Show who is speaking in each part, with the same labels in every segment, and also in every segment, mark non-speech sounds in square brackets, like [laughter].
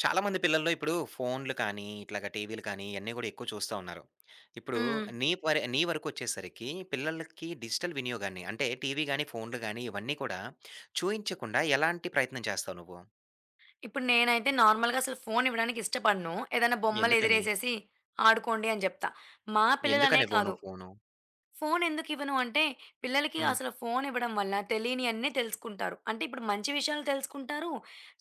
Speaker 1: చాలా మంది పిల్లల్లో, ఇప్పుడు ఫోనులు కానీ, ఇట్లాగా టీవీలు కానీ, ఇయన్నీ గూడా ఎక్కువ చూస్తా ఉన్నారు. ఇప్పుడు
Speaker 2: హ్మ్.
Speaker 1: నీ పరి నీ వరకొచ్చేసరికి, పిల్లలకి డిజిటల్ వినియోగాన్ని, అంటే టీవీగానీ, ఫోనులు గానీ, ఇవన్నీ గూడా, చూయించకుండా ఎలాంటి ప్రయత్నం చేస్తావు నువ్వు?
Speaker 2: ఇప్పుడు నేనైతే నార్మల్‌గా అసలు ఫోను ఇవ్వడానికి ఇష్టపడను. ఏదైనా బొమ్మలు
Speaker 1: ఎందుకని?
Speaker 2: ఎదిరేసేసి, ఆడుకోండి అని జేప్తా. మా పిల్లలనే
Speaker 1: ఎందుకని ఇవ్వవు
Speaker 2: కాదు.
Speaker 1: నువ్వు ఫోను?
Speaker 2: ఫోను ఎందుకు ఇవ్వను అంటే, పిల్లలకి
Speaker 1: హ్మ్.
Speaker 2: అసలు ఫోనివ్వడం వల్ల తెలినీ అన్నీ తెలుసుకుంటారు. అంటే, ఇప్పుడు మంచి విషయాలు తెలుసుకుంటారు,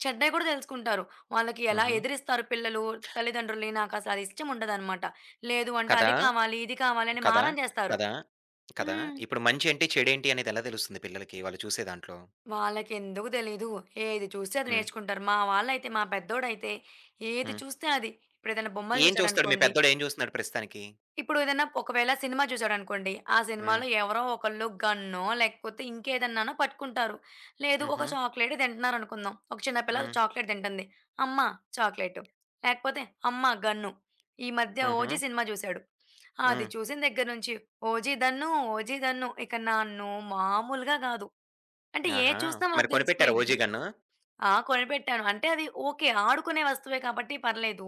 Speaker 2: చెడ్డాయి గూడా దెలుసుకుంటారు. వాళ్ళకి ఎలా
Speaker 1: హుహు.
Speaker 2: ఎదిరిస్తారు పిల్లలు, తల్లిదండ్రులని. నాకసలు ఇష్టం ఉండదన్నమాట. లేదు అంటే
Speaker 1: కదా!
Speaker 2: అది కావాలి, ఇది కావాలి అని
Speaker 1: కదా!
Speaker 2: మారం జేస్తారు.
Speaker 1: కదా! కదా!
Speaker 2: హ్మ్.
Speaker 1: ఇప్పుడు మంచేంటి, చెడేంటి అనేది ఎలా దెలుస్తుంది పిల్లలకి, వాళ్ళు చూసే దాంట్లో.
Speaker 2: వాళ్ళకి ఎందుకు తెలీదు. ఏది చూస్తే అది
Speaker 1: హ్మ్.
Speaker 2: నేర్చుకుంటారు. మా వాళ్ళైతే, మా పెద్దోడైతే, ఏది
Speaker 1: హ్మ్.
Speaker 2: చూస్తే అది. ఇప్పుడు ఏదైనా బొమ్మలు
Speaker 1: ఏం చూస్తాడు? మీ
Speaker 2: చూసాడనుకోండి
Speaker 1: పెద్దోడు ఏం చూస్తాడు ప్రస్తుతానికి.
Speaker 2: ఇప్పుడు ఏదన్నా ఒకవేళ సినిమా జూసాడు అనుకోండి, ఆ
Speaker 1: హ్మ్.
Speaker 2: సినిమాలో ఎవరో ఒకళ్ళు, గన్నో లేకపోతే ఇంకేదన్నానో పట్టుకుంటారు. లేదు, ఒక
Speaker 1: హుహు.
Speaker 2: చాక్లేటే తింటన్నారనుకుందాం. ఒక చిన్న పిల్ల
Speaker 1: హ్మ్.
Speaker 2: చాక్లేట్ తింటంది. అమ్మ! చాక్లేటు. లేకపోతే అమ్మ! గన్ను. ఈ మధ్య 'ఓజి'
Speaker 1: హుహు.
Speaker 2: సినిమా జూసాడు. అది
Speaker 1: హ్మ్.
Speaker 2: చూసిన దెగ్గర నుంచి. 'ఓజి' దన్ను, 'ఓజి' దన్ను. ఇక నన్ను మాములుగా కాదు. అంటే
Speaker 1: ఆహా!
Speaker 2: ఏది జూసినా
Speaker 1: మరి
Speaker 2: వాళ్ళకు
Speaker 1: కొనిపెట్టారా,
Speaker 2: తెలిసిపోయిద్ది.
Speaker 1: 'OG' gun?
Speaker 2: ఆ! కొనిపెట్టాను. అంటే అది ఓకే. ఆడుకునే వస్తువె కాబట్టి పర్లేదు.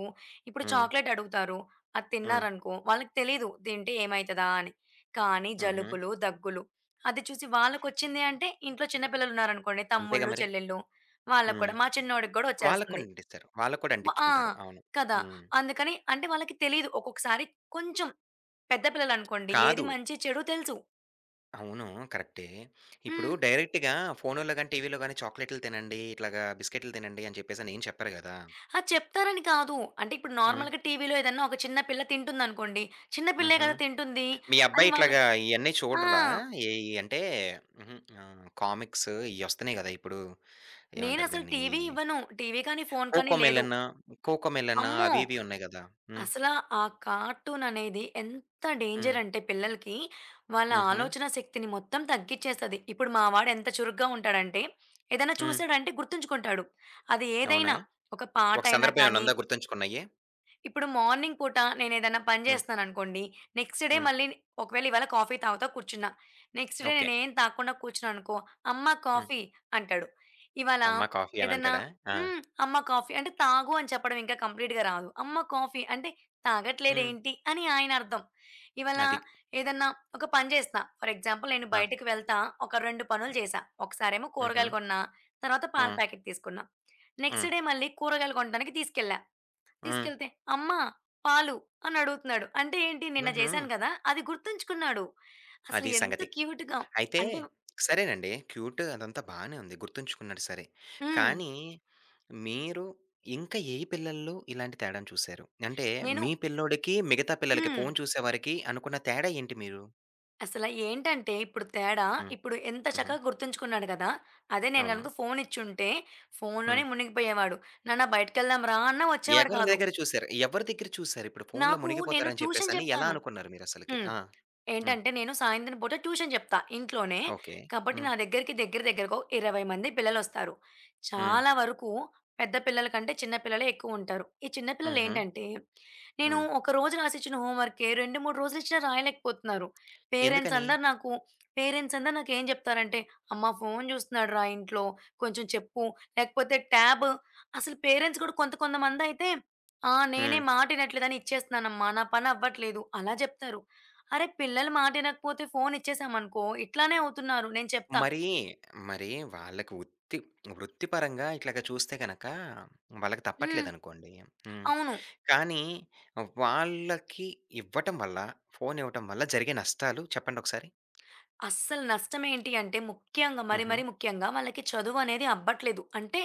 Speaker 2: ఇప్పుడు
Speaker 1: హ్మ్.
Speaker 2: చాక్లేట్ అడుగుతారు. అది
Speaker 1: హ్మ్.
Speaker 2: తిన్నారనుకో, వాళ్ళకి తెలీదు. తింటే ఏమైతదా అని. కానీ
Speaker 1: హుహు.
Speaker 2: జలుబులు, దగ్గులు. అది చూసి వాళ్ళకొచ్చింది అంటే ఇంట్లో చిన్న పిల్లలున్నారు అనుకోండి.
Speaker 1: అంతేగా
Speaker 2: తమ్ముళ్ళు,
Speaker 1: మరి!
Speaker 2: చెల్లెలు. వాళ్ళకి
Speaker 1: హ్మ్.
Speaker 2: కూడా, మా చిన్నోడికి కూడా
Speaker 1: వాళ్ళకి
Speaker 2: ఒచ్చేస్తుంది
Speaker 1: కూడా అంటిస్తారు. వాళ్ళకి కూడా
Speaker 2: ఆ!
Speaker 1: అంటించుకుంటారు. అవును
Speaker 2: కదా!
Speaker 1: హ్మ్.
Speaker 2: అందుకని, అంటే వాళ్ళకి తెలిదు. ఒక్కొక్కసారి కొంచెం, పెద్ద పిల్లలు అనుకోండి ఏది
Speaker 1: కాదు.
Speaker 2: మంచొ, చెడొ తెలుసు.
Speaker 1: అవును. కరెక్టే. ఇప్పుడు
Speaker 2: హ్మ్.
Speaker 1: డైరెక్ట్‌గా ఫోనుల్లో గాని, టీవీ‌‌ల్లో గాని, చాక్లేటులు తినండి, ఇట్లాగ బిస్కిటులు తినండి, అని చెప్పేసి అనేం చెప్పరు గదా!
Speaker 2: ఆ! చెప్తారని కాదు. అంటే ఇప్పుడు
Speaker 1: హ్మ్.
Speaker 2: నార్మల్‌గా టీవీ‌లో ఏదన్నా ఒక చిన్న పిల్ల తింటుందనుకోండి, చిన్నపిల్లే
Speaker 1: హుహు.
Speaker 2: కదా తింటుంది
Speaker 1: మీ
Speaker 2: అని
Speaker 1: అబ్బాయి ఇట్లాగ
Speaker 2: వాళ్ళకి
Speaker 1: ఇయన్నీ
Speaker 2: ఆ!
Speaker 1: చూడరా? ఏయి అంటే, హుహు. ఆహ్, కామిక్స్ ఇయోస్తున్నాయి గదా! ఇప్పుడు. ఏమంటారు
Speaker 2: నేనసలు
Speaker 1: దీన్ని, ఈ
Speaker 2: టీవీ ఇవ్వను. టీవీ కానీ, ఫోను కానీ లేదు.
Speaker 1: 'కోకోమెలన్ కోకోమెలన్'
Speaker 2: అమ్మో!
Speaker 1: అవి ఇవి ఉన్నాయి గదా! హ్మ్.
Speaker 2: అసల ఆ కార్టూననేది ఎంత
Speaker 1: హ్మ్.
Speaker 2: డేంజరంటే పిల్లలకి, వాళ్ళ
Speaker 1: హుహు.
Speaker 2: ఆలోచన శక్తిని మొత్తం తగ్గిచ్చేస్తది. ఇప్పుడు మా వాడెంత చురుగ్గా ఉంటాడంటే, ఏదైనా
Speaker 1: హ్మ్.
Speaker 2: చూసాడంటే గుర్తుంచుకుంటాడు. అది
Speaker 1: అవునా!
Speaker 2: ఏదైనా, ఒక
Speaker 1: ఒక
Speaker 2: పాటయినా
Speaker 1: సందర్భం
Speaker 2: కానీ
Speaker 1: ఏమన్నుందా గుర్తుంచుకున్నయ్యి?
Speaker 2: ఇప్పుడు మార్నింగ్ పూట నేనేదన్నా పని
Speaker 1: హ్మ్.
Speaker 2: జే‌స్తన్నానుకోండి, నెక్స్‌ట్ డే
Speaker 1: హ్మ్.
Speaker 2: మళ్ళీ ఒకవేళ ఇవాళ కాఫీ తాగుతా కూర్చున్న, నెక్స్‌ట్ డే
Speaker 1: ఓకే.
Speaker 2: నేనేం తాగకుండా కూర్చున్నాననుకో, "అమ్మ!
Speaker 1: హ్మ్.
Speaker 2: కాఫీ" అంటాడు. ఇవాళ
Speaker 1: అమ్మ కాఫీ
Speaker 2: ఏదన్నా
Speaker 1: అనంటాడా? ఆ!
Speaker 2: హ్మ్. అమ్మ కాఫీ అంటే తాగు అని చెప్పడం ఇంకా కంప్లీట్‌గా రాదు. అమ్మ కాఫీ అంటే,
Speaker 1: హ్మ్.
Speaker 2: తాగట్లేదేంటి అని ఆయనర్థం. ఇవ్వాళ
Speaker 1: అది.
Speaker 2: ఏదన్నా ఒక పని చేస్తా ఫర్ ఎగ్జాంపుల్ నేను
Speaker 1: ఆ!
Speaker 2: బయటికి వెళ్తా, ఒక 2 పనులు జేశా. ఒకసారేమో కూరగాయలు
Speaker 1: హుహు.
Speaker 2: కొన్న, తరువాత పాల
Speaker 1: హ్మ్.
Speaker 2: ప్యాకెట్ తీసుకున్నా. నెక్స్‌ట్
Speaker 1: హ్మ్.
Speaker 2: డే మళ్ళీ కూరగాయలు కొంటానికి తీసుకెళ్ళా.
Speaker 1: హ్మ్.
Speaker 2: తీసుకెళ్తే, "అమ్మ పాలు" అనడుగుతున్నాడు. అంటే ఏంటి, నిన్న
Speaker 1: హుహు.
Speaker 2: జేశాను గదా! అది గుర్తుంచుకున్నాడు.
Speaker 1: అదీ
Speaker 2: అసలెంత
Speaker 1: సంగతి.
Speaker 2: క్యూట్‌గా.
Speaker 1: అయితే,
Speaker 2: అంటే
Speaker 1: సరేనండి క్యూట్ అదంతా బానే ఉంది. గుర్తుంచుకున్నాడు సరే,
Speaker 2: హ్మ్.
Speaker 1: కానీ మీరు ఇంక ఏ పిల్లల్లో ఇలాంటి తేడాను చూసారు? అంటే
Speaker 2: నేను
Speaker 1: మీ పిల్లోడికి, మిగతా పిల్లలకి
Speaker 2: హ్మ్.
Speaker 1: ఫోను చూసేవారికి, అనుకున్న తేడా ఏంటి మీరు?
Speaker 2: అసల ఏంటంటే, ఇప్పుడు తేడా
Speaker 1: హ్మ్.
Speaker 2: ఇప్పుడు ఎంత
Speaker 1: హుహు.
Speaker 2: చక్కగా గుర్తుంచుకున్నాడు గదా! అదే నేను
Speaker 1: అవునా!
Speaker 2: గనక ఫోనిచ్చుంటే, ఫోనులోనే
Speaker 1: హ్మ్.
Speaker 2: మునిగిపోయేవాడు. "నాన్న బయటికెళ్దాంరా!" అన్న వచ్చేవాడు
Speaker 1: ఎగరిని
Speaker 2: కాదు.
Speaker 1: దగ్గర చూసారు ఎవరి దగ్గర చూసారు? ఇప్పుడు ఫోనులో
Speaker 2: నాకు నేను
Speaker 1: మునిగిపోతారు అని చెప్పేసి
Speaker 2: ట్యూషన్
Speaker 1: అని ఎలా
Speaker 2: చెప్తాను.
Speaker 1: అనుకున్నారు మీరు అసలకి?
Speaker 2: హ్మ్.
Speaker 1: ఆ! హ్మ్.
Speaker 2: ఏంటంటే, నేను సాయంత్రం పూట ట్యూషన్ జెప్తా ఇంట్లోనే.
Speaker 1: ఓకే.
Speaker 2: కాబట్టి నా
Speaker 1: హ్మ్.
Speaker 2: దగ్గరికి, దగ్గర దగ్గరగా ఓ 20 మంది పిల్లలొస్తారు.
Speaker 1: హ్మ్.
Speaker 2: చాలా వరకు పెద్ద పిల్లల కంటే చిన్న పిల్లలే ఎక్కువుంటారు. ఈ చిన్న
Speaker 1: హుహు.
Speaker 2: పిల్లలేంటంటే, నేను
Speaker 1: హ్మ్.
Speaker 2: ఒక రోజు రాసిచ్చిన హోమ్ వర్క్‌కే, 2, 3 రోజులిచ్చిన రాయలేకపోతున్నారు. పేరెంట్స్
Speaker 1: ఎందుకని?
Speaker 2: అందరు నాకు పేరెంట్స్ అందరు నాకు ఏం చెప్తారంటే, "అమ్మ ఫోను జూస్తున్నాడురా! ఇంట్లో కొంచెం చెప్పు" లేకపోతే ట్యాబ్ అసలు పేరెంట్స్ కూడా కొంత కొంతమందయితే, "ఆ! నేనే
Speaker 1: హ్మ్.
Speaker 2: మాట ఇనట్లేదనిచ్చేస్తున్నానమ్మ. నా పనవ్వట్లేదు" అలా జెప్తారు. అరె! పిల్లలు మాట వినకపోతే ఫోనిచ్చేసామనుకో ఇట్లానే అవుతున్నారు నేను చెప్తా.
Speaker 1: మరీ, మరి వాళ్ళకి ఉత్తి వృత్తి పరంగా ఇట్లాగా చూస్తే గనక, వాళ్ళకి
Speaker 2: హ్మ్.
Speaker 1: తప్పట్లేదనుకోండి. హ్మ్.
Speaker 2: అవును.
Speaker 1: కానీ, వాళ్ళకి ఇవ్వటం వల్ల, ఫోనివ్వటం వల్ల జరిగే నష్టాలు చెప్పండొకసారి?
Speaker 2: అస్సలు నష్టం ఏంటి అంటే, ముఖ్యంగా మరి మరి
Speaker 1: హుహు.
Speaker 2: ముఖ్యంగా, వాళ్ళకి చదువు అనేది అబ్బట్లేదు. అంటే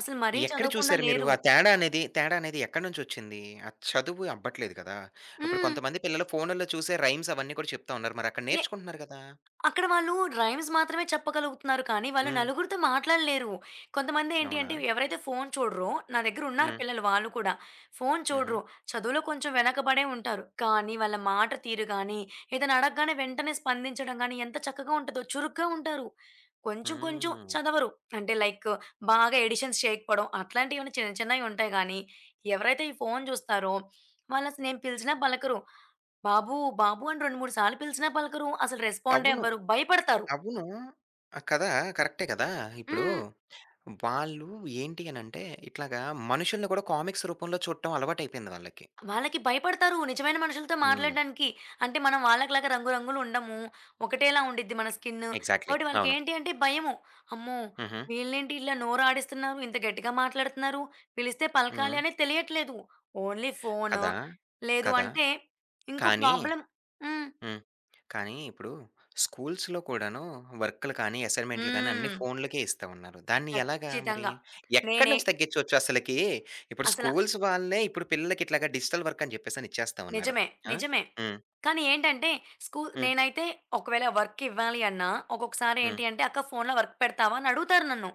Speaker 2: అసలు మరీ
Speaker 1: ఎక్కడ
Speaker 2: చదవకుండా
Speaker 1: చూసారు మీరు
Speaker 2: లేరు.
Speaker 1: ఆ తేడానేది, తేడానేది ఎక్కడనుంచోచ్చింది? ఆ చదువు అబ్బట్లేదు కదా! ఇప్పుడు
Speaker 2: హ్మ్.
Speaker 1: కొంతమంది పిల్లలు ఫోనుల్లో చూసే రైమ్స్ అవన్నీ కూడా చెప్తా ఉన్నారు మరి అక్కడ
Speaker 2: నే
Speaker 1: నేర్చుకుంటున్నారు గదా!
Speaker 2: అక్కడ వాళ్ళు రైమ్స్ మాత్రమే చెప్పగలుగుతున్నారు కానీ, వాళ్ళు
Speaker 1: హ్మ్.
Speaker 2: నలుగురితో మాట్లాడలేరు. కొంతమంది ఏంటి అంటే,
Speaker 1: అవునా!
Speaker 2: ఎవరైతే ఫోను చూడరో, నా దగ్గర ఉన్నారు
Speaker 1: హ్మ్.
Speaker 2: పిల్లలు వాళ్ళు కూడా, ఫోను చూడరు,
Speaker 1: హుహు.
Speaker 2: చదువులో కొంచెం వెనకబడే ఉంటారు. కానీ వాళ్ళ మాట తీరు గాని, ఏదైనా అడగగానే వెంటనే స్పందించడం గాని, ఎంత చక్కగా ఉంటదో చురుగ్గా ఉంటారు. కొంచెం కొంచెం
Speaker 1: హ్మ్.
Speaker 2: చదవరు అంటే, లైక్ బాగా ఎడిషన్స్ చేయకపోవడం అట్లాంటివి చిన్న చిన్నవి ఉంటాయి గానీ, ఎవరైతే ఈ ఫోను జూస్తారో వాళ్ళు అసలు నేను పిలిచినా పలకరు "బాబు! బాబు!" అని రెండు మూడు సార్లు పిలిచినా పలకరు. అసలు రెస్పాండే
Speaker 1: అవును.
Speaker 2: అవ్వరు. భయపడతారు.
Speaker 1: అవును. ఆ! కదా, కరెక్టే కదా! ఇప్పుడు
Speaker 2: హ్మ్.
Speaker 1: వాళ్ళు ఏంటి అనంటే, ఇట్లాగా మనుషుల్ని కూడా కామిక్స్ రూపంలో చూడటం అలవాటయిపోయింది వాళ్ళకి.
Speaker 2: వాళ్ళకి భయపడతారు నిజమైన మనుషులతో
Speaker 1: హ్మ్.
Speaker 2: మాట్లాడడానికి. అంటే మనం వాళ్ళకి లాగా రంగు రంగులు ఉండము. ఒకటేలా ఉండిద్ది మన స్కిన్
Speaker 1: ఎగ్జాక్ట్‌లీ.
Speaker 2: కాబట్టి వాళ్ళకి
Speaker 1: అవును.
Speaker 2: ఏంటి అంటే, భయము. అమ్మో!
Speaker 1: హుహు.
Speaker 2: వీళ్ళేంటి ఇలా నోరు ఆడిస్తున్నారు ఇంత గట్టిగా మాట్లాడుతున్నారు. పిలిస్తే పలకాలి
Speaker 1: హ్మ్.
Speaker 2: అనేది తెలియట్లేదు. Only phone.
Speaker 1: కదా!
Speaker 2: లేదు
Speaker 1: కదా!
Speaker 2: అంటే, ఇంకో
Speaker 1: కానీ
Speaker 2: ప్రాబ్లమ్ హ్మ్.
Speaker 1: హ్మ్. కానీ ఇప్పుడు, స్కూల్స్‌లో కూడాను వర్కులు కానీ, అసైన్‌మెంటులు గాని, అన్ని
Speaker 2: హ్మ్.
Speaker 1: ఫోనులకే ఇస్తా ఉన్నారు. దాన్ని ఎలాగా మరి
Speaker 2: ఖచ్చితంగా. నేనే
Speaker 1: ఎక్కడినుంచి తగ్గించొచ్చు అసలికి? ఇప్పుడు
Speaker 2: అసలా
Speaker 1: స్కూల్స్ వాళ్ళే, ఇప్పుడు పిల్లలకి ఇట్లాగా డిజిటల్ వర్క్ అని జెప్పేసి ఇచ్చేస్తా ఉన్నారు.
Speaker 2: నిజమే.
Speaker 1: ఆ!
Speaker 2: నిజమే.
Speaker 1: హ్మ్.
Speaker 2: కానీ ఏంటంటే, స్కూ
Speaker 1: హ్మ్.
Speaker 2: నేనైతే ఒకవేళ వర్కివ్వాలి అన్నా, ఒకొక్కసారి
Speaker 1: హ్మ్.
Speaker 2: ఏంటి అంటే, "అక్క ఫోనులో వర్క్ పెడతావా" అని అడుగుతారు నన్ను.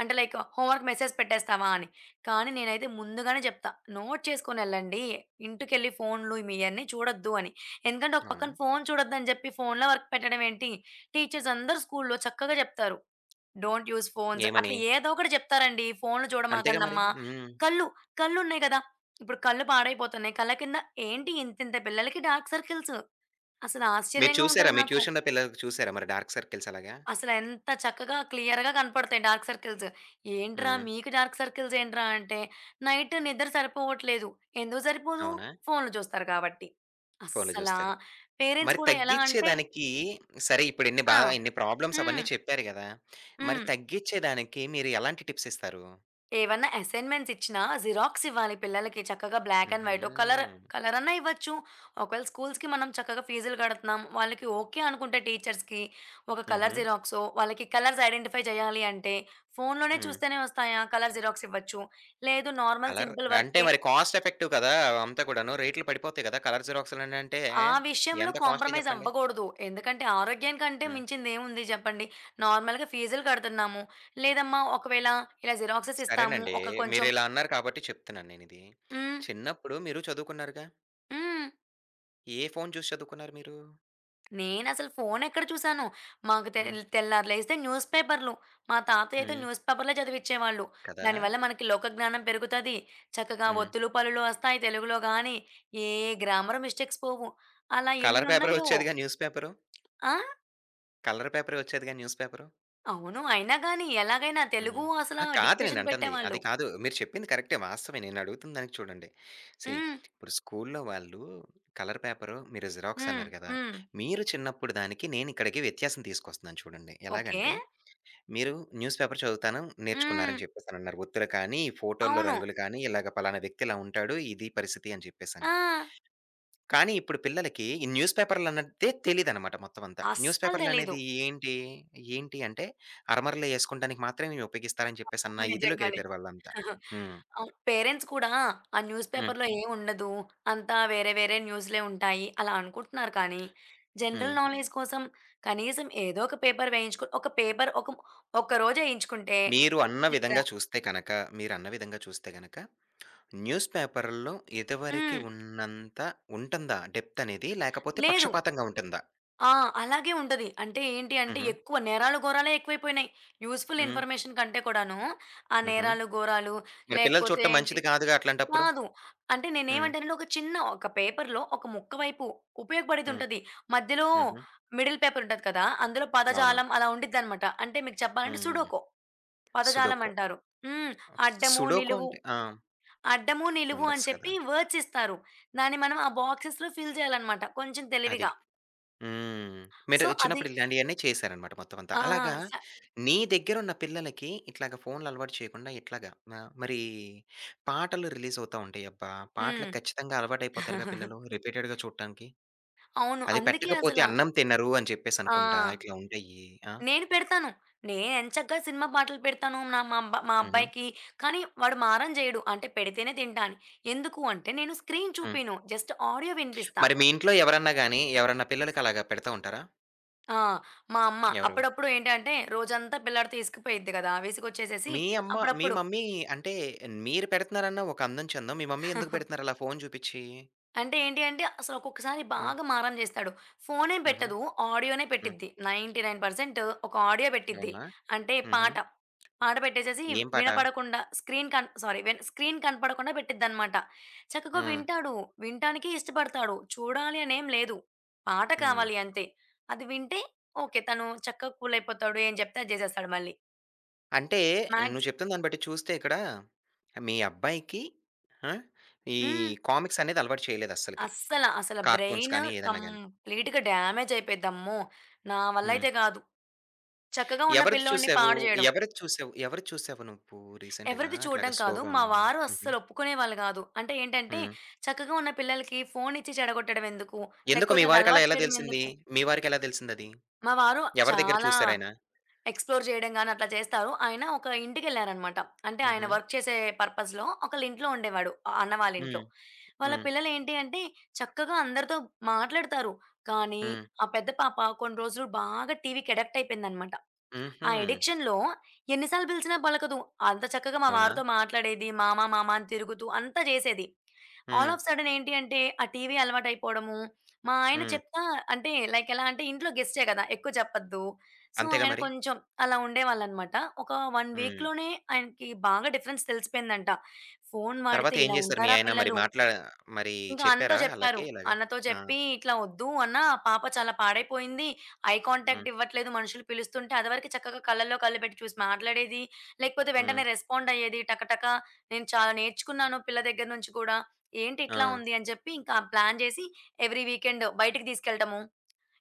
Speaker 2: అంటే లైక్ హోమ్ వర్క్ మెసేజ్ పెట్టేస్తావాని. కానీ నేనైతే ముందుగానే జప్తా నోట్ చేసుకొని ఎళ్ళండి, ఇంటికెళ్లి ఫోనులు మీయన్నీ చూడొద్దు అని. ఎందుకంటే, ఒక
Speaker 1: అవునా!
Speaker 2: పక్కన ఫోను చూడొద్దు అని జేప్పి, ఫోనులో వర్క్ పెట్టడం ఏంటి? టీచర్స్ అందరూ స్కూలులో చక్కగా చెప్తారు. "డోంట్ యూజ్ ఫోన్స్"
Speaker 1: ఏమని?
Speaker 2: అట్లా ఏదో ఒకటి చెప్తారండి, "ఫోనులు
Speaker 1: అంతేగా
Speaker 2: చూడమాకండి
Speaker 1: మరి.
Speaker 2: అమ్మ!"
Speaker 1: హ్మ్.
Speaker 2: కళ్ళు కళ్ళు ఉన్నాయి కదా, ఇప్పుడు కళ్ళు పాడైపోతున్నాయి. కళ్ళ కింద ఏంటి ఇంత ఇంత పిల్లలకి డార్క్ సర్కిల్స్. అసలు
Speaker 1: మీరు
Speaker 2: ఆశ్చర్యంగా
Speaker 1: చూసారా
Speaker 2: ఉంటది
Speaker 1: మీ
Speaker 2: నాకు.
Speaker 1: ట్యూషన్‌లో పిల్లలకి చూసారా మరి డార్క్ సర్కిల్స్ అలాగా?
Speaker 2: అసలు ఎంత చక్కగా క్లియర్‌గా కనపడతాయి డార్క్ సర్కిల్స్. "ఏంట్రా!
Speaker 1: హ్మ్.
Speaker 2: మీకు డార్క్ సర్కిల్స్ ఏంట్రా!" అంటే "నైట్ నిద్ర సరిపోవట్లేదు." ఎందుకు సరిపోదు,
Speaker 1: అవునా!
Speaker 2: ఫోనులు జూస్తారు కాబట్టి.
Speaker 1: ఫోనులు
Speaker 2: అస్సలా
Speaker 1: జూస్తారు.
Speaker 2: పేరెంట్స్
Speaker 1: మరి
Speaker 2: కూడా ఎలా అంటే
Speaker 1: తగ్గించేదానికి సరే, ఇప్పుడు ఇన్ని బ
Speaker 2: ఆ!
Speaker 1: ఇన్ని ప్రాబ్లమ్స్
Speaker 2: హ్మ్.
Speaker 1: అవన్నీ చెప్పారు గదా! మరి
Speaker 2: హ్మ్.
Speaker 1: తగ్గించేదానికి మీరు ఎలాంటి టిప్సిస్తారు?
Speaker 2: ఏవన్నా అసైన్‌మెంట్సిచ్చినా జిరాక్సివ్వాలి పిల్లలకి చక్కగా బ్లాక్ అండ్ వైట్, ఓహ్ కలరు
Speaker 1: హుహు.
Speaker 2: కలరన్న ఇవ్వచ్చు. ఒకేళ స్కూల్స్‌కి మనం చక్కగా ఫీజులు గడతన్నాం. వాళ్లకి ఓకే. అనుకుంటే టీచర్స్‌కి, ఒక కలరు
Speaker 1: హుహు.
Speaker 2: జిరాక్సో, వాళ్లకి కలర్స్ ఐడెంటిఫై జేయాలి అంటే, ఫోనులోనే
Speaker 1: హ్మ్.
Speaker 2: చూస్తేనే వస్తాయా? కలరు జిరాక్సివ్వచ్చు. లేదు నార్మల్
Speaker 1: కలర్
Speaker 2: సింపుల్
Speaker 1: అంటే,
Speaker 2: వర్కే
Speaker 1: మరి కాస్ట్ ఎఫెక్టివ్ కదా! అంతా కూడాను. రేట్లు పడిపోతాయి కదా! కలరు జిరాక్స్‌లనంటే
Speaker 2: ఆ విషయంలో
Speaker 1: ఎంత కాస్ట్‌లీ జెప్పండి?
Speaker 2: కాంప్రమైజవ్వగూడదు. ఎందుకంటే, ఆరోగ్యం కంటే
Speaker 1: హ్మ్.
Speaker 2: మించిందేముంది జెప్పండి. నార్మల్‌గా ఫీజులు గడుతున్నాము. లేదమ్మా! ఒకవేళ ఇలా జిరాక్సెసిస్తాము.
Speaker 1: సరేనండీ.
Speaker 2: ఒక కొంచెం
Speaker 1: మీరిలా అన్నారు కాబట్టి చెప్తున్నాను నేనిది.
Speaker 2: హ్మ్.
Speaker 1: చిన్నప్పుడు మీరు చదువుకున్నారుగా?
Speaker 2: హ్మ్.
Speaker 1: ఏ ఫోను చూసి చదువుకున్నారు మీరు?
Speaker 2: నేనసలు ఫోనెక్కడ చూసాను. మాకు తె
Speaker 1: హ్మ్.
Speaker 2: తెల్లారి లేగిస్తే, న్యూసు పేపర్లు. మా తాతయ్యయితే
Speaker 1: హ్మ్.
Speaker 2: న్యూసు పేపరులే చదివించేవాళ్ళు.
Speaker 1: కదా!
Speaker 2: దానివల్ల మనకి లోక జ్ఞానం పెరుగుతది. చక్కగా
Speaker 1: హ్మ్.
Speaker 2: ఒత్తులు, పల్లులు ఒస్తాయి. తెలుగులో గానీ, ఏ గ్రామర్ మిస్టేక్స్ పోవు. అలా ఎన్ని
Speaker 1: కలరు పేపరే
Speaker 2: ఉన్నాయో.
Speaker 1: ఒచ్చేదిగా న్యూస్ పేపరు?
Speaker 2: ఆ?
Speaker 1: కలరు పేపరే ఒచ్చేదిగా న్యూస్ పేపరు?
Speaker 2: అవును. అయినా గానీ ఎలాగైనా
Speaker 1: హుహు.
Speaker 2: తెలుగు అసల
Speaker 1: ఆ! కాదు
Speaker 2: డిక్‌టేషన్
Speaker 1: నేనంటంది. అది
Speaker 2: బెట్టేవాళ్ళు.
Speaker 1: కాదు. మీరు చెప్పింది కరక్టే వాస్తవమే. నేనడుగుతున్న దానికి చూడండి, సీ
Speaker 2: హ్మ్.
Speaker 1: ఇప్పుడు స్కూలులో వాళ్ళు, కలరు పేపరు మీరు
Speaker 2: హ్మ్.
Speaker 1: జిరాక్సన్నారు గదా!
Speaker 2: హ్మ్.
Speaker 1: మీరు చిన్నప్పుడు దానికి, నేనిక్కడికి వ్యత్యాసం తీసుకొస్తున్నాను చూడండి.
Speaker 2: ఓకే.
Speaker 1: ఎలాగంటే, మీరు న్యూస్‌ పేపర్ చదువుతాను
Speaker 2: హ్మ్.
Speaker 1: నేర్చుకున్నారని జెప్పేసనన్నారు. ఒత్తులు కానీ, ఈ ఫోటోల్లో
Speaker 2: అవును.
Speaker 1: రంగులు కానీ, ఇలాగ పలానా వ్యక్తిలా ఉంటాడు, ఇదీ పరిస్థితని చెప్పేసని.
Speaker 2: ఆ!
Speaker 1: కానీ ఇప్పుడు పిల్లలకి ఈ న్యూస్పేపర్‌లన్నదే తెలీదనమాట మొత్తం అంతా. న్యూసు
Speaker 2: అస్సలు తెలీదు.
Speaker 1: పేపరులనేది ఏంటి? ఏంటి అంటే అరమరలు ఏసుకోంటానికి మాత్రమే ఇవి ఉపయోగిస్తారని చెప్పేసి
Speaker 2: అవును.
Speaker 1: అన్న
Speaker 2: నిజంగానే
Speaker 1: ఇధిలోకెళ్ళిపోయారాళ్ళంతా.
Speaker 2: [chuckles]
Speaker 1: హ్మ్.
Speaker 2: అవును. పేరెంట్స్ కూడా, ఆ న్యూస్
Speaker 1: హ్మ్.
Speaker 2: పేపర్‌లో ఏముండదు. అంతా వేరే వేరే న్యూస్‌లే ఉంటాయి అలా అనుకుంటున్నారు. కానీ
Speaker 1: హ్మ్.
Speaker 2: జనరల్ నాలెడ్జ్ కోసం, కనీసం ఏదో ఒక పేపర్ వేయించుకొ ఒక పేపర్ ఒక ఒక్క రోజేయించుకుంటే,
Speaker 1: మీరు అన్న
Speaker 2: వర్క్ దెగ్గర
Speaker 1: విధంగా చూస్తే కనక, మీరన్న విధంగా చూస్తే గనక, న్యూసుపేపరులలో ఇదవరికి
Speaker 2: హ్మ్.
Speaker 1: ఉన్నంత ఉంటుందా డెప్త్ అనేది? లేకపోతే
Speaker 2: లేదు.
Speaker 1: పక్షపాతంగా ఉంటందా?
Speaker 2: ఆ! అలాగే ఉంటది. అంటే ఏంటి అంటే,
Speaker 1: హుహు.
Speaker 2: ఎక్కువ నేరాలు, ఘోరాలే ఎక్కువైపోయినాయి. యూజ్‌ఫుల్
Speaker 1: హ్మ్.
Speaker 2: ఇన్‌ఫర్‌మేషన్ కంటే కూడాను, ఆ
Speaker 1: హుహు.
Speaker 2: నేరాలు, ఘోరాలు
Speaker 1: మరి పిల్లలు
Speaker 2: లేకపోతే
Speaker 1: చూడటం
Speaker 2: ఏంటి
Speaker 1: మంచిది గాదుగా అట్లాంటప్పుడు?
Speaker 2: కాదు. అంటే
Speaker 1: హ్మ్.
Speaker 2: నేనేమంటానంటే, ఒక చిన్న ఒక పేపర్‌లో ఒక ముక్క వైపు
Speaker 1: హ్మ్.
Speaker 2: ఉపయోగపడేదుంటది. మధ్యలో
Speaker 1: హుహు.
Speaker 2: మిడిల్ పేపరుంటది కదా! అందులో
Speaker 1: అవును.
Speaker 2: పదజాలం అలా ఉంటదనమాట. అంటే మీకు
Speaker 1: హ్మ్.
Speaker 2: జెప్పాలంటే
Speaker 1: హ్మ్.
Speaker 2: సుడోకో, పదజాలం
Speaker 1: సుడోకో.
Speaker 2: అంటారు. హ్మ్. అడ్డము,
Speaker 1: సుడోకో
Speaker 2: నిలువు
Speaker 1: అంటే? ఆ!
Speaker 2: అడ్డము, నిలువు
Speaker 1: నెంబర్స్
Speaker 2: అని
Speaker 1: కదా!
Speaker 2: చెప్పి వర్డ్స్ ఇస్తారు. దాన్ని మనం ఆ బాక్సెస్‌లో ఫిల్ జేయాలనమాట కొంచెం
Speaker 1: అది.
Speaker 2: తెలివిగా.
Speaker 1: హ్మ్. మీరు
Speaker 2: సో,
Speaker 1: చిన్నప్పుడు
Speaker 2: అది
Speaker 1: ఇలాంటియన్నీ చేసారనమాట మొత్తమంతా.
Speaker 2: ఆ!
Speaker 1: అలాగా
Speaker 2: శ
Speaker 1: నీ దగ్గరున్న పిల్లలకి ఇట్లాగా ఫోనులు అలవాటు చేయకుండా ఇట్లాగ మ మరీ పాటలు రిలీజవుతా ఉంటాయి. అబ్బా!
Speaker 2: హ్మ్.
Speaker 1: పాటలకి ఖచ్చితంగా అలవాటయిపోతారుగా
Speaker 2: [chuckles]
Speaker 1: పిల్లలు రిపీటెడ్‌గా చూడటానికి.
Speaker 2: అవును.
Speaker 1: అది
Speaker 2: అందుకే
Speaker 1: పెట్టకపోతే
Speaker 2: అసలా
Speaker 1: అన్నం తినరు అని
Speaker 2: ఆ!
Speaker 1: చెప్పేసనుకుంటా ఇట్లా ఉంటాయి ఆ!
Speaker 2: నేను పెడతాను. నేనెంచక్క సినిమా పాటలు పెడతాను. నా మా
Speaker 1: హుహు.
Speaker 2: అబ్బాయికి, కానీ వాడు మారం జెయడు. అంటే పెడితేనే తింటా అని. ఎందుకు అంటే, నేను స్క్రీన్
Speaker 1: హ్మ్.
Speaker 2: చూపీను. జస్ట్ ఆడియో వినిపిస్తా.
Speaker 1: మరి మీ ఇంట్లో ఎవరన్నా గానీ, ఎవరన్నా పిల్లలకి అలాగా పెడతా ఉంటారా?
Speaker 2: ఆ! మా అమ్మ.
Speaker 1: ఎవరు?
Speaker 2: అప్పుడప్పుడు ఏంటంటే, రోజంతా పిల్లాడితో ఇసుకుపోయిద్ది గదా విసుకోచ్చేసేసి
Speaker 1: మీ అమ్మ మీ
Speaker 2: అప్పుడప్పుడు
Speaker 1: మమ్మీ అంటే, మీరు పెడుతున్నారన్న ఒక అందం, చెందాం. మీ మమ్మీ ఎందుకు
Speaker 2: [chuckles]
Speaker 1: పెడుతున్నారు అలా ఫోను చూపిచ్చి?
Speaker 2: అంటే ఏంటి అంటే, అసలు ఒక్కొక్కసారి
Speaker 1: ఆ!
Speaker 2: బాగా మారం జేస్తాడు. ఫోనేం
Speaker 1: హుహు.
Speaker 2: పెట్టదు. ఆడియో‌నే
Speaker 1: హ్మ్.
Speaker 2: పెట్టిద్ది 99 పర్సెంటు, ఒక ఆడియో పెట్టిద్ది.
Speaker 1: అవునా?
Speaker 2: అంటే
Speaker 1: హుహు.
Speaker 2: పాట. పాట పెట్టేసేసి,
Speaker 1: ఏం పాట?
Speaker 2: వినపడకుండా స్క్రీన్ కన్ సారీ వె స్క్రీన్ కనపడకుండా పెట్టిద్దిన్నమాట. చక్కగా
Speaker 1: హ్మ్.
Speaker 2: వింటాడు. వినటానికి ఇష్టపడతాడు, చూడాలని ఏం లేదు. పాట
Speaker 1: హ్మ్.
Speaker 2: కావాలి అంతే. అది వింటే ఓకే. తను చక్కగా కూలయిపోతాడు ఏం చెప్తే అది జేసేస్తాడు మళ్ళీ.
Speaker 1: అంటే
Speaker 2: మాగ్స్
Speaker 1: నువ్వు చెప్తున్న దాన్ని బట్టి చూస్తే, ఇక్కడ మీ అబ్బాయికి, ఆ! ఈ
Speaker 2: హ్మ్.
Speaker 1: కామిక్సనేది అలవాటు చేయలేదు అస్సలకి.
Speaker 2: అస్సల, అసల
Speaker 1: కార్టూన్స్
Speaker 2: బ్రైను
Speaker 1: గాని ఏదన్నా గాని.
Speaker 2: కంప్లీట్‌గా డామేజయిపోద్ది అమ్మో! నా వల్ల
Speaker 1: హ్మ్.
Speaker 2: అయితే గాదు. చక్కగా ఉన్న
Speaker 1: ఎవరిది
Speaker 2: పిల్లోడిని
Speaker 1: చూసావు?
Speaker 2: పాడుజేయడం.
Speaker 1: ఎవరిది చూసావు? ఎవరిది చూసావు నువ్వు రీసెంట్‌గా,
Speaker 2: ఎవరిది చూడడం
Speaker 1: అట్లాగా
Speaker 2: కాదు.
Speaker 1: స్లో‌గా
Speaker 2: మా
Speaker 1: ఉండం?
Speaker 2: వారు
Speaker 1: హుహు.
Speaker 2: అస్సలు ఒప్పుకునేవాళ్ళు గాదు. అంటే ఏంటంటే,
Speaker 1: హ్మ్.
Speaker 2: చక్కగా ఉన్న పిల్లలకి ఫోనిచ్చి చెడగొట్టడం ఎందుకు,
Speaker 1: ఎందుకు
Speaker 2: లేకపోతే
Speaker 1: మీ వారికి అలా
Speaker 2: అదలవాటు
Speaker 1: ఎలా
Speaker 2: చేయడం
Speaker 1: తెలిసింది?
Speaker 2: ఎందుకు.
Speaker 1: మీ వారికేలా తెలిసిందది?
Speaker 2: మా వారు
Speaker 1: ఎవరి దగ్గర
Speaker 2: చాలా,
Speaker 1: చూసారాయన?
Speaker 2: ఎక్స్‌ప్లోర్ జేయడం గాని, అట్లా చేస్తారు. ఆయన ఒక ఇంటికేళ్లారన్నమాట. అంటే ఆయన
Speaker 1: హుహు.
Speaker 2: వర్క్ చేసే పర్పస్‌లో, ఒకళీంట్లో ఉండేవాడు. ఆ అన్న
Speaker 1: హ్మ్.
Speaker 2: వాళీంట్లో. వాళ్ళ
Speaker 1: హ్మ్.
Speaker 2: పిల్లలు ఏంటి అంటే, చక్కగా అందరితో మాట్లాడుతారు. కానీ,
Speaker 1: హ్మ్.
Speaker 2: ఆ పెద్ద పాప కొన్ని రోజులు బాగా టీవీ‌కి అడిక్ట్ అయిపోయిందన్నమాట. ఆ
Speaker 1: హుహు.
Speaker 2: అడిక్షన్‌లో ఎన్ని సార్లు బిలిసినా పలకదు. అంత చక్కగా మా
Speaker 1: అవునా?
Speaker 2: వారితో మాట్లాడేది. మామ, మామ అని తిరుగుతూ అంత జేసేది. ఆల్
Speaker 1: హ్మ్.
Speaker 2: ఆఫ్ సడెన్ ఏంటి అంటే, ఆ టీవీ అలవాటయిపోవడము. మా ఆయన
Speaker 1: హ్మ్.
Speaker 2: చెప్తా, అంటే లైక్ ఎలా అంటే ఇంట్లో గెస్ట్‌టే కదా ఎక్కువ చెప్పద్దు. సో,
Speaker 1: అంతేగా
Speaker 2: ఆయన
Speaker 1: మరి!
Speaker 2: కొంచెం అలా ఉండేవాళ్ళున్నమాట. ఒక 1
Speaker 1: హ్మ్.
Speaker 2: వీక్‌లోనే ఆయనకి బాగా డిఫరెన్స్ తెలిసిపోయిందంట. ఫోను వాడితే
Speaker 1: తరువాత ఏం
Speaker 2: ఇలా
Speaker 1: చేసారు, మీ
Speaker 2: ఉంటారా
Speaker 1: ఆయన మరి
Speaker 2: పిల్లలు.
Speaker 1: మాట్లా మరి
Speaker 2: ఇంకా అన్నతో
Speaker 1: చెప్పారా
Speaker 2: చెప్పారు.
Speaker 1: ఆళ్ళకి ఇలాగా?
Speaker 2: అన్నతో
Speaker 1: ఆ!
Speaker 2: చెప్పి, ఇట్లా వద్దు అన్న పాప చాలా పాడైపోయింది. ఐ
Speaker 1: హ్మ్.
Speaker 2: కాంటాక్ట్ ఇవ్వట్లేదు మనుషులు పిలుస్తుంటే, అది వరకు చక్కగా కళ్ళలో కళ్ళు పెట్టి చూసి మాట్లాడేది, లేకపోతే
Speaker 1: హ్మ్.
Speaker 2: వెంటనే రెస్పాండయ్యేది టక, టక నేను చాలా నేర్చుకున్నాను పిల్ల దగ్గర నుంచి గూడా. ఏంటి ఇట్లా
Speaker 1: ఆ!
Speaker 2: ఉంది అని చెప్పి ఇంకా ప్లాన్ చేసి, ఎవ్రి వీకెండ్ బయటకి తీసుకెళ్లటము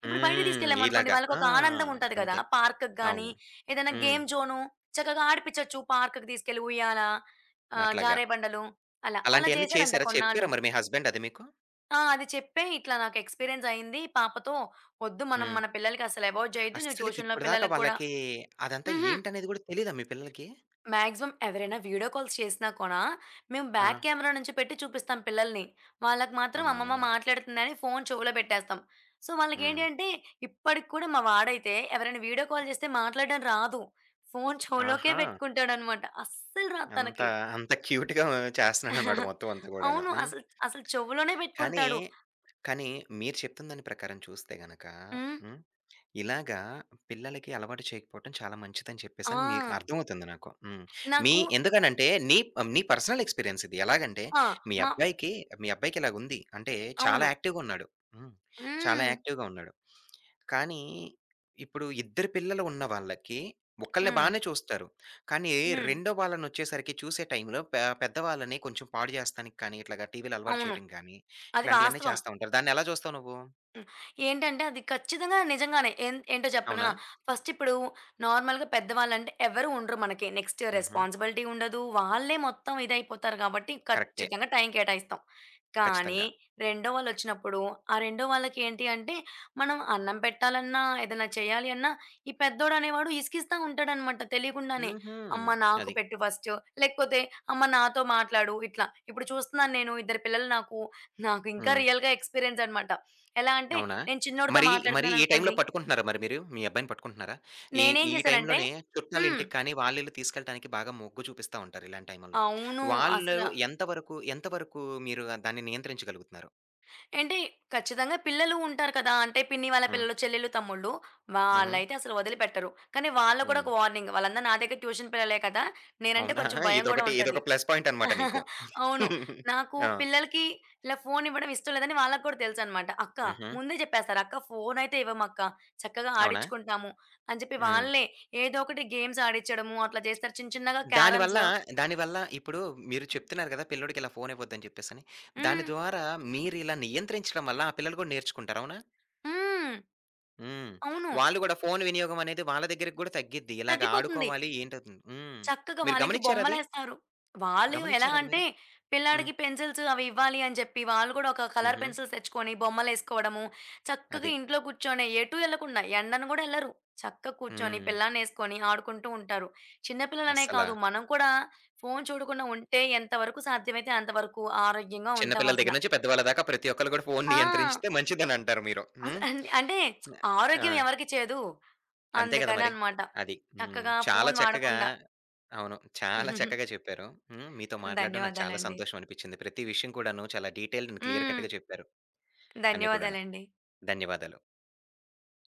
Speaker 2: ఇప్పుడు బయటికి
Speaker 1: హ్మ్. ఇలాగ.
Speaker 2: తీసుకెళ్ళామనుకోండి, వాళ్ళకి
Speaker 1: ఆ!
Speaker 2: ఒక ఆనందం ఉంటది కదా
Speaker 1: అంతే.
Speaker 2: పార్క్‌కి గాని,
Speaker 1: అవును.
Speaker 2: ఏదైనా
Speaker 1: హ్మ్.
Speaker 2: గేమ్ జోను చక్కగా ఆడిపించొచ్చు పార్క్‌కి తీసుకెళ్లి ఉయ్యాల ఆహ్,
Speaker 1: అట్లాగా.
Speaker 2: జారే బండలు అలా. అలా
Speaker 1: అలాంటియన్నీ
Speaker 2: జేసారంట
Speaker 1: చేసారా? చెప్పారా
Speaker 2: కొన్నాళ్ళు.
Speaker 1: మరి మీ హస్బెండ్ అది మీకు?
Speaker 2: ఆ! అది చెప్పే ఇట్లా నాకు ఎక్స్‌పీరియన్సయింది పాపతో. ఒద్దు మనం
Speaker 1: హ్మ్.
Speaker 2: మన పిల్లలకసలు అవాయిడ్ జెయ్యొద్దు, నువ్వు
Speaker 1: అస్సలికి
Speaker 2: ట్యూషన్‌లో
Speaker 1: ఇప్పటిదాకా,
Speaker 2: పిల్లలకి కూడా
Speaker 1: వాళ్ళకీ అదంతా
Speaker 2: హుహు.
Speaker 1: ఏంటనేది గూడా తెలీదా మీ పిల్లలకి?
Speaker 2: మాక్సిమం ఎవరైనా వీడియో కాల్స్ చేసినా కూడా, మేము
Speaker 1: ఆ!
Speaker 2: బాక్ కెమెరా నుంచి పెట్టి చూపిస్తాం పిల్లలిని. వాళ్ళకి మాత్రం అమ్మమ్మ
Speaker 1: అమ్మో!
Speaker 2: మాట్లాడతందని ఫోను చెవులో బెట్టేస్తాం. సో, వాళ్ళకి ఏంటి
Speaker 1: హ్మ్.
Speaker 2: అంటే ఇప్పటికి కూడా మా వాడైతే ఎవరైనా వీడియో కాల్ జేస్తే మాట్లాడ్డం రాదు. ఫోను చెవులోకే
Speaker 1: ఆహా!
Speaker 2: బెట్టుకుంటాడనమాట. అస్సలు రాదు
Speaker 1: అంత,
Speaker 2: తనకి.
Speaker 1: అంత [chuckles] క్యూట్‌గా చేస్తన్నాడనమాట
Speaker 2: [giggles]
Speaker 1: మొత్తమంతా గూడాను.
Speaker 2: అవును.
Speaker 1: హ్మ్.
Speaker 2: అసలు అసలు చెవులోనే
Speaker 1: కానీ,
Speaker 2: బెట్టుకుంటాడు.
Speaker 1: కానీ మీరు చెప్తున్న దాని ప్రకారం చూస్తే గనక
Speaker 2: హ్మ్.
Speaker 1: హ్మ్, ఇలాగా పిల్లలకి అలవాటు చేయకపోవటం చాలా మంచిదని చెప్పేసని మీకు
Speaker 2: ఆ!
Speaker 1: అర్థమవుతుంది నాకు. హ్మ్. మీ
Speaker 2: నాకు
Speaker 1: ఎందుకని అంటే నీ నీ పర్సనల్ ఎక్స్‌పీరియన్స్ ఇది. ఎలాగంటే
Speaker 2: ఆ!
Speaker 1: మీ
Speaker 2: మ
Speaker 1: అబ్బాయికి, మీ అబ్బాయికిలా ఉంది అంటే, చాలా
Speaker 2: అవును.
Speaker 1: యాక్టివ్‌గున్నాడు హ్మ్. చాలా
Speaker 2: హ్మ్.
Speaker 1: యాక్టివ్‌గా ఉన్నాడు. కానీ, ఇప్పుడు ఇద్దరు పిల్లలు ఉన్నవాళ్ళకి, ఒక్కలిని
Speaker 2: హ్మ్.
Speaker 1: బానే చూస్తారు కానీ
Speaker 2: హ్మ్.
Speaker 1: రెండో వాళ్ళనొచ్చేసరికి, చూసే టైం‌లో పె పెద్దవాళ్ళని కొంచెం పాడుజేస్తానికి కానీ ఇట్లాగా టీవీ‌లో అలవాటు
Speaker 2: అవును.
Speaker 1: చేయటం గానీ,
Speaker 2: అది
Speaker 1: ఇట్లాంటియన్ని
Speaker 2: వాస్తవం.
Speaker 1: చేస్తా ఉంటారు. దాన్నెలా జూస్తావు నువ్వు?
Speaker 2: హ్మ్. ఏంటంటే అది ఖచ్చితంగా నిజంగానే. ఏంద్ ఏంటో జెప్పనా,
Speaker 1: అవునా?
Speaker 2: ఫస్టిప్పుడు నార్మల్‌గా పెద్ద వాళ్ళంటే ఎవరు ఉండరు. మనకి నెక్స్ట్
Speaker 1: హుహు.
Speaker 2: రెస్‌పాన్‌సిబిలిటీ ఉండదు. వాళ్ళే మొత్తం ఇదయిపోతారు గాబట్టి
Speaker 1: కరెక్టే.
Speaker 2: ఖచ్చితంగా టైం కేటాయిస్తాం. కానీ
Speaker 1: కచ్చితంగా.
Speaker 2: రెండో వాళ్ళొచ్చినప్పుడు, ఆ రెండో వాళ్ళకేంటి అంటే, మనం అన్నం పెట్టాలన్నా ఏదైనా చేయాలి అన్న, ఈ పెద్దోడనేవాడు ఇసికిస్తా ఉంటాడనమాట తెలీకుండానే.
Speaker 1: హుహు.
Speaker 2: అమ్మ నాకు
Speaker 1: అది.
Speaker 2: పెట్టు ఫస్టు, లేకపోతే అమ్మ నాతో మాట్లాడు ఇట్లా. ఇప్పుడు చూస్తున్నాను నేను. ఇద్దరు పిల్లలు నాకు. నాకింకా
Speaker 1: హ్మ్.
Speaker 2: రియల్‌గా ఎక్స్‌పీరియన్సనమాట. ఎలా అంటే,
Speaker 1: అవునా!
Speaker 2: నేను చిన్నోడితో
Speaker 1: మరీ, మరీ ఈ టైం‌లో
Speaker 2: మాట్లాడుతున్నాననుకోండి
Speaker 1: పట్టుకుంటున్నారా మరి మీరు, మీ అబ్బాయిని పట్టుకుంటున్నారా? ఈ
Speaker 2: నేనేం
Speaker 1: ఈ
Speaker 2: జేశానంటే
Speaker 1: టైంలోనే
Speaker 2: హ్మ్.
Speaker 1: చుట్టాలింటికి కానీ, వాళ్ళిల్లు తీసుకెళ్లడానికి బాగా మొగ్గు చూపిస్తా ఉంటారు ఇలాంటి టైముల్లో.
Speaker 2: అవును.
Speaker 1: వాళ్ళు
Speaker 2: అసల
Speaker 1: ఎంతవరకు ఎంతవరకు మీరు దాన్ని నియంత్రించగలుగుతున్నారు?
Speaker 2: ఏంటి ఖచ్చితంగా పిల్లలు ఉంటారు కదా, అంటే పిన్ని వాళ్ళ
Speaker 1: హ్మ్.
Speaker 2: పిల్లలు, చెల్లెళ్ళు, తమ్ముళ్ళు,
Speaker 1: హుహు.
Speaker 2: వాళ్ళైతే అసలు వదిలిపెట్టరు. కానీ వాళ్ళ కూడా
Speaker 1: హ్మ్.
Speaker 2: ఒక వార్నింగ్, వాళ్ళందరూ నా దగ్గర ట్యూషన్ పిల్లలే కదా! నేనంటే
Speaker 1: అవునా!
Speaker 2: కొంచెం భయం గూడా
Speaker 1: ఇదొకటి
Speaker 2: ఉంటది.
Speaker 1: ఇదొక ప్లస్ పాయింటన్నమాట నీకు.
Speaker 2: [chuckles] అవును.
Speaker 1: [giggles]
Speaker 2: నాకు
Speaker 1: ఆ!
Speaker 2: పిల్లలకి ఇలా ఫోనివ్వడం ఇష్టం లేదని వాళ్ళకి కూడా తెలుసన్నమాట. అక్కా
Speaker 1: హుహు.
Speaker 2: ముందే చెప్పేస్తారు "అక్క ఫోనయితే ఇవ్వమక్క. చక్కగా
Speaker 1: అవునా?
Speaker 2: ఆడిచ్చుకుంటాము" అని జెప్పి
Speaker 1: హ్మ్.
Speaker 2: వాళ్ళే ఏదో ఒకటి గేమ్స్ ఆడిచ్చడము అట్లా జేస్తారు. చిన్న, చిన్నగా
Speaker 1: దానివల్ల,
Speaker 2: క్యారమ్సు.
Speaker 1: దానివల్ల ఇప్పుడు మీరు చెప్తున్నారు గదా! పిల్లోడికి ఇలా ఫోను ఇవ్వొద్దని జెప్పేసని. దాని
Speaker 2: హ్మ్.
Speaker 1: ద్వారా మీరిలా నియంత్రించడం వల్ల ఆ పిల్లలు గూడా నేర్చుకుంటారు. అవునా?
Speaker 2: హ్మ్.
Speaker 1: హ్మ్.
Speaker 2: అవును.
Speaker 1: వాళ్ళు గూడా ఫోను వినియోగమనేది వాళ్ళ దెగ్గరికి గూడ తగ్గిద్ది. ఇలాగ
Speaker 2: తగ్గిపోతుంది.
Speaker 1: ఆడుకోవాలి ఏంటవు‌తుంది. హ్మ్.
Speaker 2: చక్కగా
Speaker 1: మీరు
Speaker 2: వాళ్లకి
Speaker 1: గమనిచ్చారా అది?
Speaker 2: బొమ్మలేస్తారు. వాళ్ళు ఎలా
Speaker 1: గమనిచ్చారా అది
Speaker 2: అంటే,
Speaker 1: మీరు? హ్మ్.
Speaker 2: పిల్లాడికి పెన్సిల్సు అవి ఇవ్వాలని జెప్పి, వాళ్ళు గూడా ఒక కలర్
Speaker 1: హుహు.
Speaker 2: పెన్సిల్స్ తెచ్చుకొని బొమ్మలేసుకోవడము, చక్కగా
Speaker 1: అది.
Speaker 2: ఇంట్లో కూర్చొనె ఎటూ ఎళ్ళకుండా, ఎండన గూడా ఎళ్లరు. చక్కగా కూర్చొని,
Speaker 1: హ్మ్.
Speaker 2: పిల్లాడినేసుకొని, ఆడుకుంటూ ఉంటారు. చిన్న పిల్లలనే
Speaker 1: అస్సలా
Speaker 2: కాదు. మనం కూడా ఫోను చూడకుండా ఉంటే, ఎంతవరకు సాధ్యమైతే అంతవరకు ఆరోగ్యంగా
Speaker 1: చిన్నపిల్లల
Speaker 2: ఉంటామసల.
Speaker 1: దెగ్గర నుంచి, పెద్దవాళ్ళ దాకా ప్రతి ఒక్కళ్ళు గూడా ఫోను
Speaker 2: ఆ!
Speaker 1: నియంత్రించితె మంచిదని అంటారు మీరు.
Speaker 2: అస్
Speaker 1: హ్మ్.
Speaker 2: అన్ అంటే,
Speaker 1: ఆ!
Speaker 2: ఆరోగ్యం ఎవరికి చేదు?
Speaker 1: అంతే గదా మరి.
Speaker 2: అందుకనన్నమాట.
Speaker 1: అది. హ్మ్.
Speaker 2: చక్కగా
Speaker 1: చాలా
Speaker 2: ఫోను
Speaker 1: చక్కగా
Speaker 2: వాడకుండా.
Speaker 1: అవును. చాలా
Speaker 2: [giggles]
Speaker 1: చక్కగా చెప్పారు. హ్మ్. మీతో మాట్లాడ్డం నాకు చాలా
Speaker 2: ధన్యవాదాలండి.
Speaker 1: సంతోషమనిపిచ్చింది. ప్రతి విషయం కూడాను చాలా డీటెయిల్డ్ అండ్ క్లియర్
Speaker 2: హ్మ్.
Speaker 1: కట్‌గా చెప్పారు. అన్ని కూడాను.
Speaker 2: ధన్యవాదాలండి.
Speaker 1: ధన్యవాదాలు.